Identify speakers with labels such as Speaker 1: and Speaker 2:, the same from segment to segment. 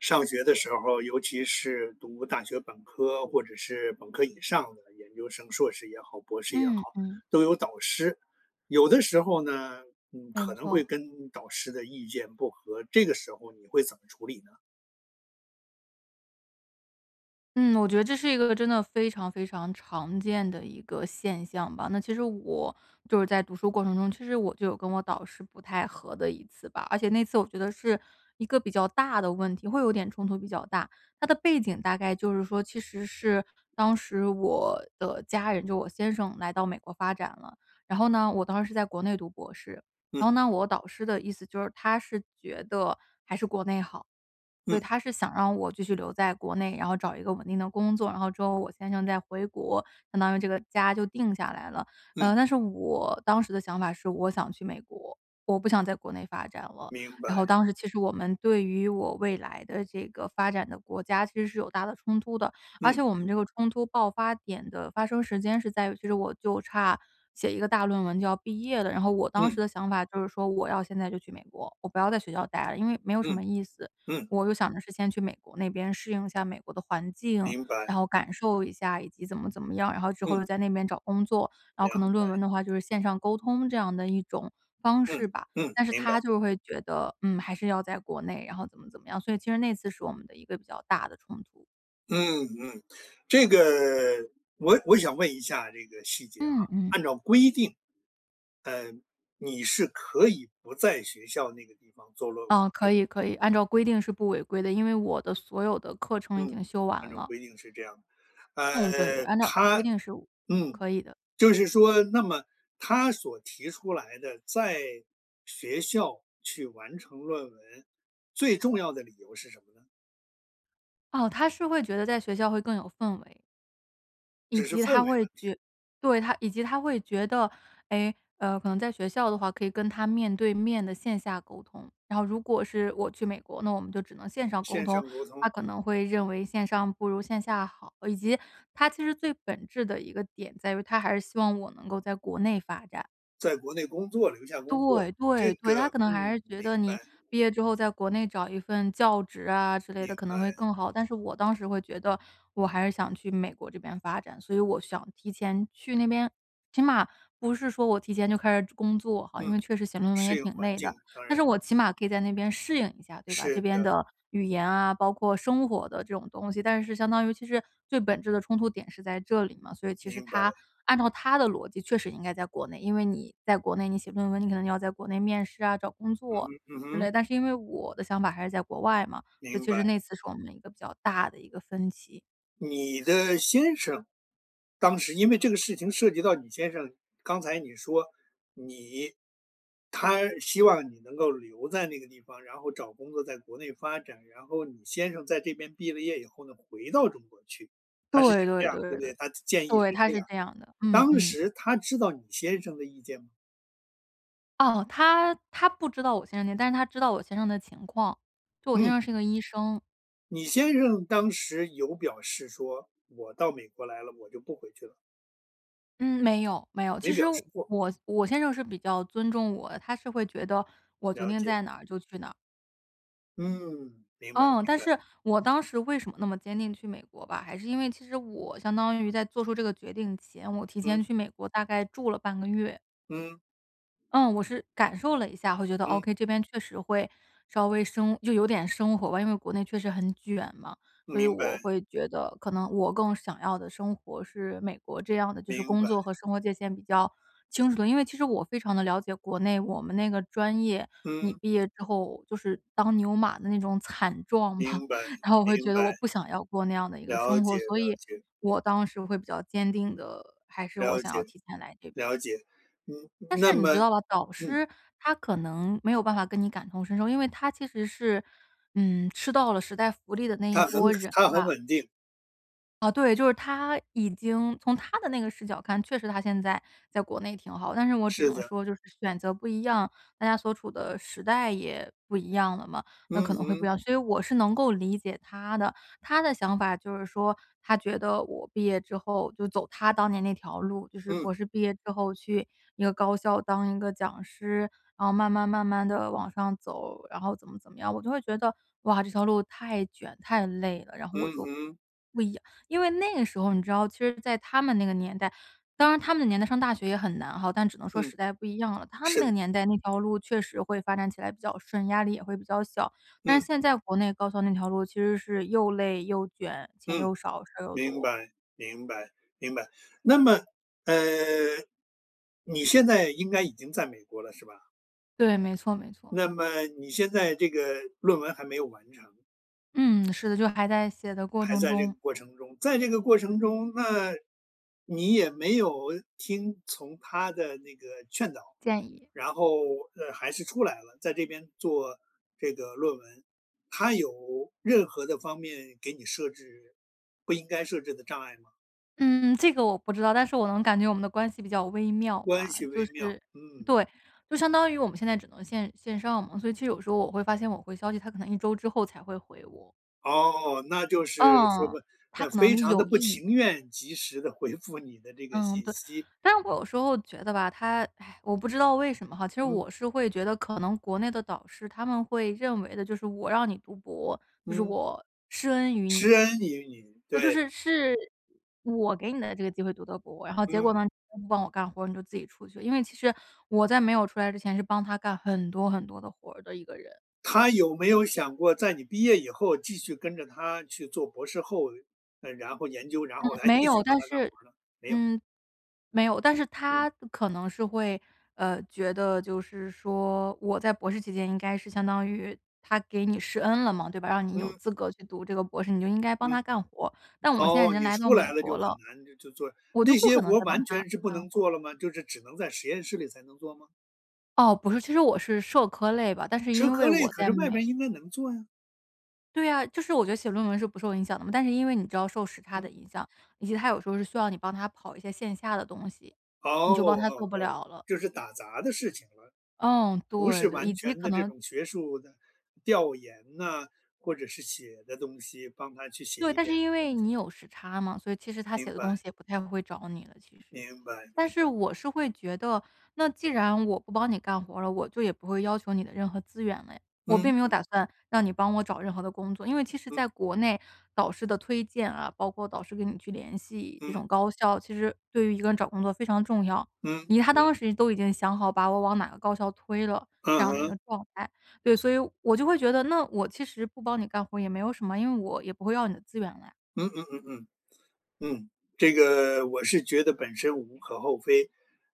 Speaker 1: 上学的时候儿，尤其是读大学本科，或者是本科以上的研究生，硕士也好、博士也好，
Speaker 2: 嗯，嗯。
Speaker 1: 都有导师。有的时候呢，嗯，
Speaker 2: 没
Speaker 1: 可能会
Speaker 2: 错。
Speaker 1: 跟导师的意见不合，这个时候你会怎么处理呢？
Speaker 2: 嗯，我觉得这是一个真的非常非常常见的一个现象吧。那其实我，就是在读书过程中，其实我就有跟我导师不太合的一次吧。而且那次我觉得是，一个比较大的问题，会有点冲突比较大。它的背景大概就是说，其实是当时我的家人就我先生来到美国发展了，然后呢，我当时是在国内读博士。然
Speaker 1: 嗯。
Speaker 2: 后呢，我导师的意思就是，他是觉得还是国内好，所以
Speaker 1: 嗯。
Speaker 2: 他是想让我继续留在国内，然后找一个稳定的工作，然后之后我先生再回国，相当于这个家就定下来了。
Speaker 1: 嗯。
Speaker 2: 呃，但是我当时的想法是我想去美国，我不想在国内发展了。
Speaker 1: 明
Speaker 2: 然后
Speaker 1: 白。
Speaker 2: 当时其实我们对于我未来的这个发展的国家其实是有大的冲突的，而
Speaker 1: 嗯。
Speaker 2: 且我们这个冲突爆发点的发生时间是在于，其实我就差写一个大论文就要毕业了。然后我当时
Speaker 1: 嗯。
Speaker 2: 的想法就是说我要现在就去美国，我不要在学校呆了，因为没有什
Speaker 1: 嗯，
Speaker 2: 么意思。
Speaker 1: 嗯。
Speaker 2: 我就想着是先去美国那边适应一下美国的环境，
Speaker 1: 明白。
Speaker 2: 然后感受一下，以及怎么怎么样，然后之后
Speaker 1: 嗯。
Speaker 2: 又在那边找工作，然后可
Speaker 1: 凉
Speaker 2: 能论
Speaker 1: 白。
Speaker 2: 文的话就是线上沟通这样的一种方
Speaker 1: 嗯，
Speaker 2: 式吧。
Speaker 1: 嗯，
Speaker 2: 但是
Speaker 1: 明白。
Speaker 2: 他就是会觉得，嗯，还是要在国内，然后怎么怎么样，所以其实那次是我们的一个比较大的冲突。
Speaker 1: 嗯嗯，这个我我想问一下这个细节哈。
Speaker 2: 嗯嗯。
Speaker 1: 按照规定，呃，你是可以不在学校那个地方做论文，
Speaker 2: 嗯，
Speaker 1: 对
Speaker 2: 可
Speaker 1: 不对？
Speaker 2: 以可以，按照
Speaker 1: 嗯。
Speaker 2: 规定是不违规的，因为我的所有的课程已经
Speaker 1: 嗯，
Speaker 2: 修完
Speaker 1: 按照
Speaker 2: 了。
Speaker 1: 规定是这样的。
Speaker 2: 嗯，对对，
Speaker 1: 呃，
Speaker 2: 按照
Speaker 1: 他
Speaker 2: 规定是我呃，
Speaker 1: 嗯，
Speaker 2: 可以的。
Speaker 1: 就是说，那么他所提出来的，在学校去完成论文，最重要的理由是什么呢？
Speaker 2: 哦，他是会觉得在学校会更有氛围。以
Speaker 1: 只是
Speaker 2: 及
Speaker 1: 氛围
Speaker 2: 他会
Speaker 1: 问题。
Speaker 2: 觉对，他以及他会觉得，诶，呃，可能在学校的话可以跟他面对面地线下沟通。然后如果是我去美国，那我们就只能线上沟
Speaker 1: 线
Speaker 2: 通，
Speaker 1: 上沟
Speaker 2: 他
Speaker 1: 通。
Speaker 2: 可能会认为线上不如线下好。以及，他其实最本质的一个点在于，他还是希望我能够在国内发展。
Speaker 1: 在国内工作，留下工作，
Speaker 2: 对
Speaker 1: 这
Speaker 2: 对对，
Speaker 1: 个
Speaker 2: 他可能还
Speaker 1: 嗯，
Speaker 2: 是觉
Speaker 1: 明
Speaker 2: 得你
Speaker 1: 白。
Speaker 2: 毕业之后在国内找一份教职啊之类
Speaker 1: 明
Speaker 2: 的可能会
Speaker 1: 白。
Speaker 2: 更好。但是我当时会觉得，我还是想去美国这边发展，所以我想提前去那边。起码不是说我提前就开始准工作哈，因
Speaker 1: 嗯，
Speaker 2: 为确实写论文
Speaker 1: 适
Speaker 2: 也
Speaker 1: 应
Speaker 2: 挺
Speaker 1: 环
Speaker 2: 累的，
Speaker 1: 境，当
Speaker 2: 但是
Speaker 1: 然。
Speaker 2: 我起码可以在那边适应一下，对吧？
Speaker 1: 是
Speaker 2: 这边
Speaker 1: 的。
Speaker 2: 的语言啊，包括生活的这种东西。但是相当于其实，最本质的冲突点是在这里嘛。所以其实
Speaker 1: 明白。
Speaker 2: 他按照他的逻辑确实应该在国内，因为你在国内你写论文，你可能要在国内面试啊，找工
Speaker 1: 嗯
Speaker 2: 作，
Speaker 1: 哼嗯
Speaker 2: 之
Speaker 1: 哼。
Speaker 2: 类。但是因为我的想法还是在国外嘛，所以
Speaker 1: 明
Speaker 2: 其
Speaker 1: 白。
Speaker 2: 实那次是我们一个比较大的一个分歧。
Speaker 1: 你的先生当时因为这个事情涉及到你先生，刚才你说，你他希望你能够留在那个地方，然后找工作在国内发展，然后你先生在这边毕了业以后呢，回到中国去，他是想
Speaker 2: 对
Speaker 1: 这
Speaker 2: 对
Speaker 1: 样，
Speaker 2: 对
Speaker 1: 对不
Speaker 2: 对对，
Speaker 1: 对？他的建议是
Speaker 2: 对，他
Speaker 1: 这
Speaker 2: 是
Speaker 1: 样。
Speaker 2: 这样的，嗯
Speaker 1: 当
Speaker 2: 嗯。
Speaker 1: 时他知道你先生的意见吗？
Speaker 2: 哦，他他不知道我先生，但是他知道我先生的情况，就我先
Speaker 1: 嗯。
Speaker 2: 生是一个医生。
Speaker 1: 你先生当时有表示说“我到美国来了，我就不回去了”？
Speaker 2: 嗯，没有，没有。
Speaker 1: 没
Speaker 2: 其实
Speaker 1: 表示过。
Speaker 2: 我我先生是比较尊重我，他是会觉得，我决
Speaker 1: 了
Speaker 2: 定
Speaker 1: 解。
Speaker 2: 在哪儿就去哪儿。
Speaker 1: 嗯，明白
Speaker 2: 嗯，
Speaker 1: 明
Speaker 2: 但
Speaker 1: 白。
Speaker 2: 是，我当时为什么那么坚定去美国吧，还是因为其实我相当于在做出这个决定前，我提前
Speaker 1: 嗯。
Speaker 2: 去美国大概住了半个月。
Speaker 1: 嗯。
Speaker 2: 嗯，我是感受了一下，会觉得
Speaker 1: 嗯。
Speaker 2: okay，这边确实会稍微生就有点生活吧，因为国内确实很卷嘛。所以
Speaker 1: 明
Speaker 2: 我
Speaker 1: 白。
Speaker 2: 会觉得，可能我更想要的生活是美国这样的，就是
Speaker 1: 明
Speaker 2: 工
Speaker 1: 白。
Speaker 2: 作和生活界线比较清楚的。因为其实我非常地了解国内我们那个专业，你
Speaker 1: 嗯。
Speaker 2: 毕业之后就是当牛马的那种惨状吧，
Speaker 1: 明白，
Speaker 2: 然后我会
Speaker 1: 明
Speaker 2: 觉得
Speaker 1: 白。
Speaker 2: 我不想要过那样的一个
Speaker 1: 了
Speaker 2: 生活。
Speaker 1: 解
Speaker 2: 所
Speaker 1: 了
Speaker 2: 以，
Speaker 1: 解。
Speaker 2: 我当时会比较坚定地还是我
Speaker 1: 了
Speaker 2: 想
Speaker 1: 解，
Speaker 2: 要提前来这边。
Speaker 1: 了解，嗯，
Speaker 2: 但
Speaker 1: 那
Speaker 2: 是你知
Speaker 1: 么
Speaker 2: 道吧，导
Speaker 1: 嗯。
Speaker 2: 师，他可能没有办法跟你感同身受。因为他其实是，嗯，吃到了时代福利的那一
Speaker 1: 他很
Speaker 2: 波人
Speaker 1: 他很
Speaker 2: 吧。
Speaker 1: 稳定。
Speaker 2: 啊，对，就是他已经从他的那个视角看，确实他现在在国内挺好。但是我只
Speaker 1: 是
Speaker 2: 能
Speaker 1: 的。
Speaker 2: 说就是选择不一样，大家所处的时代也不一样了嘛，那
Speaker 1: 嗯
Speaker 2: 可能会不一
Speaker 1: 哼。
Speaker 2: 样，所以我是能够理解他的。他的想法就是说，他觉得我毕业之后就走他当年那条路，就是博
Speaker 1: 嗯。
Speaker 2: 士毕业之后去一个高校当一个讲师，然后慢慢慢慢地往上走，然后怎么怎么样，我就会觉得，哇，这条路太卷、太累了，然后我
Speaker 1: 嗯
Speaker 2: 就
Speaker 1: 哼。
Speaker 2: 不一样因为那个时候你知道，其实在他们那个年代，当然他们的年代上大学也很难哈，但只能说
Speaker 1: 嗯，
Speaker 2: 时代不一样了。他们
Speaker 1: 是
Speaker 2: 那
Speaker 1: 的。
Speaker 2: 个年代那条路确实会发展起来比较顺，压力也会比较小，但是
Speaker 1: 嗯。
Speaker 2: 现在国内高校那条路其实是又累、又卷，钱
Speaker 1: 嗯，
Speaker 2: 又少、事儿又
Speaker 1: 明
Speaker 2: 多。
Speaker 1: 白，明白，明白。那么，呃，你现在应该已经在美国了是吧？
Speaker 2: 对，没错没错。
Speaker 1: 那么你现在这个论文还没有完成。
Speaker 2: 嗯，是的，就还在写的过
Speaker 1: 还
Speaker 2: 程
Speaker 1: 在这个
Speaker 2: 中。
Speaker 1: 过程中。在这个过程中，那你也没有听从他的那个劝导，
Speaker 2: 建议。
Speaker 1: 然后，呃，还是出来了，在这边做这个论文。他有任何的方面给你设置不应该设置的障碍吗？
Speaker 2: 嗯，这个我不知道，但是我能感觉我们的关系比较微妙
Speaker 1: 关
Speaker 2: 嘛。
Speaker 1: 系
Speaker 2: 就
Speaker 1: 微妙，
Speaker 2: 是，
Speaker 1: 嗯。
Speaker 2: 对，就相当于我们现在只能线线上嘛，所以其实有的时候我会发现我回消息，他可能一周之后才会回我。
Speaker 1: 哦，那就是说，
Speaker 2: 嗯，他
Speaker 1: 那
Speaker 2: 可
Speaker 1: 非
Speaker 2: 能
Speaker 1: 常地
Speaker 2: 有
Speaker 1: 不
Speaker 2: 一
Speaker 1: 情
Speaker 2: 点。
Speaker 1: 愿，及时地回复你的这个
Speaker 2: 嗯，
Speaker 1: 信
Speaker 2: 对，
Speaker 1: 息。
Speaker 2: 但是我有时候觉得吧，他，唉，我不知道为什么哈，其实
Speaker 1: 嗯。
Speaker 2: 我是会觉得可能国内的导师他们会认为的，就是我让你读博，就是
Speaker 1: 嗯。
Speaker 2: 我施恩于
Speaker 1: 施
Speaker 2: 你。
Speaker 1: 恩于你，
Speaker 2: 那就
Speaker 1: 对。
Speaker 2: 是，是我给你的这个机会读的博，然后结果
Speaker 1: 嗯。
Speaker 2: 呢你不帮我干活，你就自己出去。因为其实我在没有出来之前是帮他干很多很多的活儿的一个人。
Speaker 1: 他有没有想过在你毕业以后继续跟着他去做博士后，那然后研究，然
Speaker 2: 嗯，
Speaker 1: 后还
Speaker 2: 没
Speaker 1: 继
Speaker 2: 有，
Speaker 1: 续帮
Speaker 2: 但
Speaker 1: 他干
Speaker 2: 是
Speaker 1: 活儿呢？没有。
Speaker 2: 嗯。没有，但是
Speaker 1: 嗯。
Speaker 2: 他可能是会，呃，觉得就是说，我在博士期间应该是相当于，他给你施恩了嘛，对吧，让你有
Speaker 1: 嗯。
Speaker 2: 资格去读这个博士，你就应该帮
Speaker 1: 嗯。
Speaker 2: 他干活。但我现在已
Speaker 1: 哦，
Speaker 2: 经
Speaker 1: 你
Speaker 2: 来到
Speaker 1: 出
Speaker 2: 美
Speaker 1: 来了就
Speaker 2: 国
Speaker 1: 很
Speaker 2: 了，
Speaker 1: 难就做，
Speaker 2: 我就
Speaker 1: 那
Speaker 2: 不
Speaker 1: 些
Speaker 2: 可能
Speaker 1: 活
Speaker 2: 再帮
Speaker 1: 完
Speaker 2: 他
Speaker 1: 全是不
Speaker 2: 干
Speaker 1: 能
Speaker 2: 活儿。
Speaker 1: 做了吗？就是只能在实验室里才能做吗？
Speaker 2: 哦，不是，其实我是社科类吧，但是
Speaker 1: 社
Speaker 2: 因
Speaker 1: 科
Speaker 2: 为
Speaker 1: 类，
Speaker 2: 我
Speaker 1: 可
Speaker 2: 在
Speaker 1: 是外面儿
Speaker 2: 美
Speaker 1: 应该能做呀。
Speaker 2: 对啊，就是我觉得写论文是不受影响的嘛，但是因为你知道受时差
Speaker 1: 嗯。
Speaker 2: 的影响，以及他有时候是需要你帮他跑一些线下的东西，
Speaker 1: 哦，
Speaker 2: 你就帮他做
Speaker 1: 哦
Speaker 2: 不
Speaker 1: 哦，
Speaker 2: 了了。
Speaker 1: 就是打杂的事情了。
Speaker 2: 嗯，
Speaker 1: 不
Speaker 2: 对
Speaker 1: 是
Speaker 2: 的，以
Speaker 1: 完
Speaker 2: 及
Speaker 1: 全
Speaker 2: 可
Speaker 1: 的这
Speaker 2: 能
Speaker 1: 种学术的，调研呐，或者是写的东西帮他去写
Speaker 2: 对，
Speaker 1: 一
Speaker 2: 但是
Speaker 1: 点
Speaker 2: 因
Speaker 1: 东
Speaker 2: 为
Speaker 1: 西。
Speaker 2: 你有时差嘛，所以其实他写
Speaker 1: 明
Speaker 2: 的东
Speaker 1: 白。
Speaker 2: 西也不太会找你了，其
Speaker 1: 明
Speaker 2: 实。
Speaker 1: 白明
Speaker 2: 但是
Speaker 1: 白。
Speaker 2: 我是会觉得，那既然我不帮你干活儿了，我就也不会要求你的任何资源了呀。我
Speaker 1: 嗯
Speaker 2: 并没有
Speaker 1: 嗯。
Speaker 2: 打算，让你帮我找任何的工作。因为其实
Speaker 1: 嗯。
Speaker 2: 在国内，导师的推荐啊，包括导师跟你去联系这
Speaker 1: 嗯。
Speaker 2: 种高校，其实对于一个人找工作非常重要。
Speaker 1: 嗯，
Speaker 2: 已他
Speaker 1: 嗯。
Speaker 2: 当时都已经想好把我往哪个高校推了，这
Speaker 1: 嗯
Speaker 2: 样的一
Speaker 1: 哼。
Speaker 2: 个状态。对，所以，我就会觉得，那我其实不帮你干活儿也没有什么，因为我也不会要你的资源了呀。
Speaker 1: 嗯嗯嗯嗯，嗯，这个，我是觉得本身无可厚非，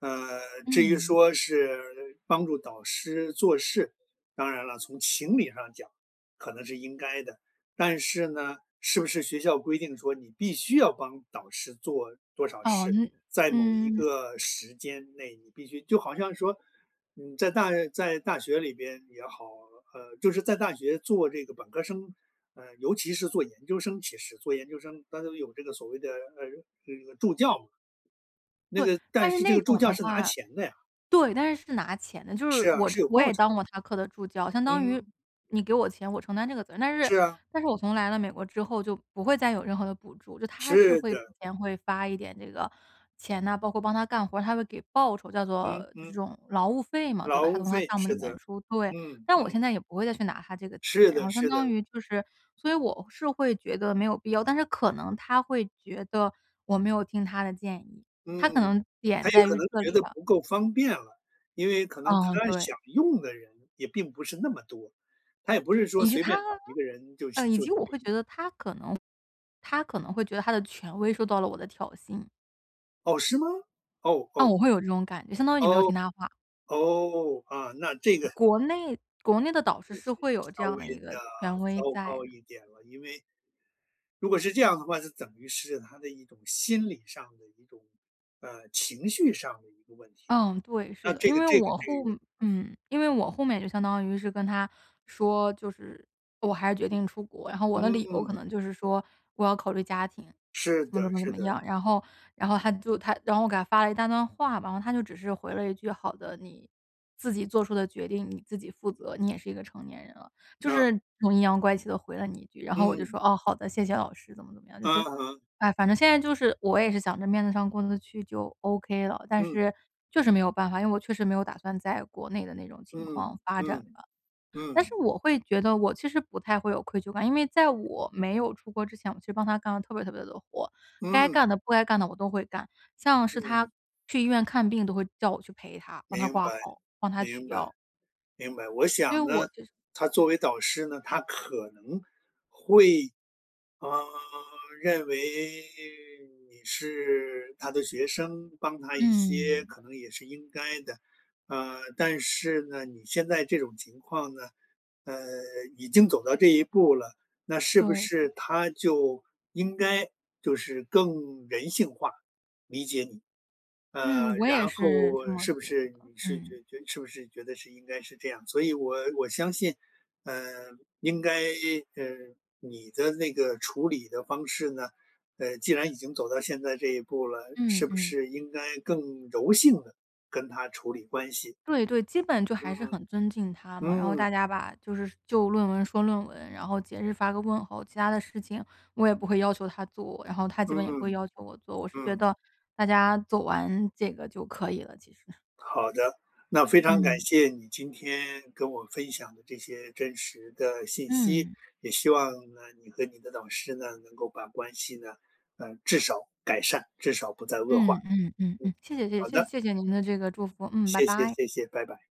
Speaker 1: 呃，至于
Speaker 2: 嗯。
Speaker 1: 说是帮助导师做事，当然了，从情理上讲，可能是应该的，但是呢，是不是学校规定说，你必须要帮导师做多少
Speaker 2: 哦，
Speaker 1: 事，
Speaker 2: 嗯，
Speaker 1: 在某一
Speaker 2: 嗯。
Speaker 1: 个时间内你必须就好像说，嗯，在大在大学里边也好，呃，就是在大学做这个本科儿生，呃，尤其是做研究生其实，做研究生，大家都有这个所谓的，呃，这个这个助教嘛，那
Speaker 2: 对，
Speaker 1: 个但
Speaker 2: 但是
Speaker 1: 是这
Speaker 2: 那
Speaker 1: 个助
Speaker 2: 种
Speaker 1: 教
Speaker 2: 的
Speaker 1: 是拿
Speaker 2: 话
Speaker 1: 钱的呀。
Speaker 2: 对，但是是拿钱的，就是
Speaker 1: 是啊，
Speaker 2: 我
Speaker 1: 是
Speaker 2: 之
Speaker 1: 有
Speaker 2: 我
Speaker 1: 报
Speaker 2: 也
Speaker 1: 酬的。
Speaker 2: 当过他课的助教，相当于，
Speaker 1: 嗯。
Speaker 2: 你给我钱，我承担这个责任。但是
Speaker 1: 是啊。
Speaker 2: 但是我从来了美国之后，就不会再有任何的补助。就他是
Speaker 1: 是
Speaker 2: 会之
Speaker 1: 的。
Speaker 2: 前会发一点这个钱啊，包括帮他干活儿，他会给报酬，叫做，
Speaker 1: 嗯
Speaker 2: 就是这
Speaker 1: 嗯。
Speaker 2: 种劳务费嘛，对
Speaker 1: 劳
Speaker 2: 吧？他
Speaker 1: 务
Speaker 2: 从他
Speaker 1: 费，
Speaker 2: 项目里
Speaker 1: 是
Speaker 2: 面
Speaker 1: 的，
Speaker 2: 出，对。
Speaker 1: 嗯，
Speaker 2: 但我
Speaker 1: 嗯。
Speaker 2: 现在也不会再去拿他这个
Speaker 1: 是
Speaker 2: 钱，然后
Speaker 1: 的
Speaker 2: 相
Speaker 1: 是
Speaker 2: 当
Speaker 1: 的。
Speaker 2: 于就是所以我是会觉得没有必要。但是可能他会觉得，我没有听他的建议，他可
Speaker 1: 嗯，
Speaker 2: 能
Speaker 1: 他
Speaker 2: 点
Speaker 1: 也
Speaker 2: 在
Speaker 1: 可
Speaker 2: 于
Speaker 1: 能
Speaker 2: 这
Speaker 1: 觉
Speaker 2: 里
Speaker 1: 得
Speaker 2: 吧。
Speaker 1: 不够方便了，因为可能他
Speaker 2: 哦，对。
Speaker 1: 想用的人也并不是那么多，他也不是说
Speaker 2: 以及
Speaker 1: 随便
Speaker 2: 他
Speaker 1: 找一个人就
Speaker 2: 呃，
Speaker 1: 行
Speaker 2: 以
Speaker 1: 就
Speaker 2: 及
Speaker 1: 可
Speaker 2: 我会
Speaker 1: 以。
Speaker 2: 觉得他可能他可能会觉得他的权威受到了我的挑衅。
Speaker 1: 哦，是吗？哦
Speaker 2: 嗯，
Speaker 1: 哦。
Speaker 2: 我会有这种感相当于你没有
Speaker 1: 哦，
Speaker 2: 听他的话。
Speaker 1: 哦，啊，那这个
Speaker 2: 国内国内的导师
Speaker 1: 就
Speaker 2: 是
Speaker 1: 是
Speaker 2: 会有这
Speaker 1: 稍
Speaker 2: 样
Speaker 1: 微
Speaker 2: 的一个
Speaker 1: 得
Speaker 2: 权
Speaker 1: 糟
Speaker 2: 威在
Speaker 1: 糕
Speaker 2: 的。
Speaker 1: 一点了，因为如果是这样的话，就等于是他的一种心理上的一种，呃，情绪上的一个问题了，
Speaker 2: 嗯，对，是
Speaker 1: 那
Speaker 2: 的，
Speaker 1: 这
Speaker 2: 因
Speaker 1: 个
Speaker 2: 为
Speaker 1: 这个
Speaker 2: 我
Speaker 1: 这
Speaker 2: 后
Speaker 1: 个
Speaker 2: 嗯，因为我后面就相当于是跟他说，就是，我还是决定出国。然后我的理由可
Speaker 1: 嗯。
Speaker 2: 能就是说，我要考虑家庭，
Speaker 1: 是
Speaker 2: 怎么
Speaker 1: 的，
Speaker 2: 怎么怎
Speaker 1: 是
Speaker 2: 么
Speaker 1: 的。
Speaker 2: 样，然后然后，他就他然后我给他发了一大段话。然后他就只是回了一句，“好的，你，自己做出的决定你自己负责，你也是一个成年人了”，就
Speaker 1: 啊。
Speaker 2: 是很阴阳怪气地回了你一句。然后我就
Speaker 1: 嗯。
Speaker 2: 说，“哦，好的，谢谢老师”，怎么怎么样。就是，
Speaker 1: 嗯哼。
Speaker 2: 唉，反正现在就是，我也是想着面子上过得去就 OK 了。但
Speaker 1: 嗯。
Speaker 2: 是，就是没有办法，因为我确实没有打算在国内的那种情况
Speaker 1: 嗯，
Speaker 2: 发展
Speaker 1: 嗯，
Speaker 2: 吧。但是
Speaker 1: 嗯。
Speaker 2: 我会觉得我其实不太会有愧疚感，因为在我没有出国之前，我其实帮他干了特别特别多的活。该
Speaker 1: 嗯。
Speaker 2: 干的不该干的我都会干，像是他
Speaker 1: 嗯。
Speaker 2: 去医院看病都会叫我去陪他，帮他
Speaker 1: 明
Speaker 2: 挂
Speaker 1: 白，
Speaker 2: 号，帮他取
Speaker 1: 明白，
Speaker 2: 药。
Speaker 1: 明白。我
Speaker 2: 所以
Speaker 1: 想
Speaker 2: 我
Speaker 1: 呢，
Speaker 2: 就是
Speaker 1: 他作为导师呢，他可能，会，啊，认为你是他的学生，帮他一些，
Speaker 2: 嗯。
Speaker 1: 可能也是应该的。呃，但是呢，你现在这种情况呢，呃，已经走到这一步了，那是
Speaker 2: 对
Speaker 1: 不
Speaker 2: 的。
Speaker 1: 是他就，应该，就是更人性化，理解你。
Speaker 2: 嗯，
Speaker 1: 呃，
Speaker 2: 我也
Speaker 1: 然
Speaker 2: 是这
Speaker 1: 后
Speaker 2: 么
Speaker 1: 是不
Speaker 2: 觉
Speaker 1: 是，
Speaker 2: 得，
Speaker 1: 你是
Speaker 2: 嗯。
Speaker 1: 觉觉是不是觉得是应该是这样？所以我我相信，呃，应该，呃，你的那个处理的方式呢，呃，既然已经走到现在这一步了，
Speaker 2: 嗯
Speaker 1: 是不
Speaker 2: 嗯。
Speaker 1: 是应该更柔性地，跟他处理关系？
Speaker 2: 对对，基本就还是
Speaker 1: 嗯。
Speaker 2: 很尊敬他嘛，然后
Speaker 1: 嗯。
Speaker 2: 大家吧，就是就论文说论文，然后节日发个问候，其他的事情，我也不会要求他做，然后他基本也不会
Speaker 1: 嗯，
Speaker 2: 要求我做。我是觉
Speaker 1: 嗯。
Speaker 2: 得，大家做完这个就可以了，其实。
Speaker 1: 好的，那非常感
Speaker 2: 嗯。
Speaker 1: 谢你今天跟我分享的这些真实的信息，
Speaker 2: 嗯。
Speaker 1: 也希望呢，你和你的老师呢，能够把关系呢，呃，至少改善，至少不再恶化，
Speaker 2: 嗯嗯嗯
Speaker 1: 嗯，
Speaker 2: 嗯，谢谢谢
Speaker 1: 好
Speaker 2: 谢
Speaker 1: 的。
Speaker 2: 谢谢您的这个祝福，嗯，拜
Speaker 1: 谢谢
Speaker 2: 拜。
Speaker 1: 谢谢，拜拜。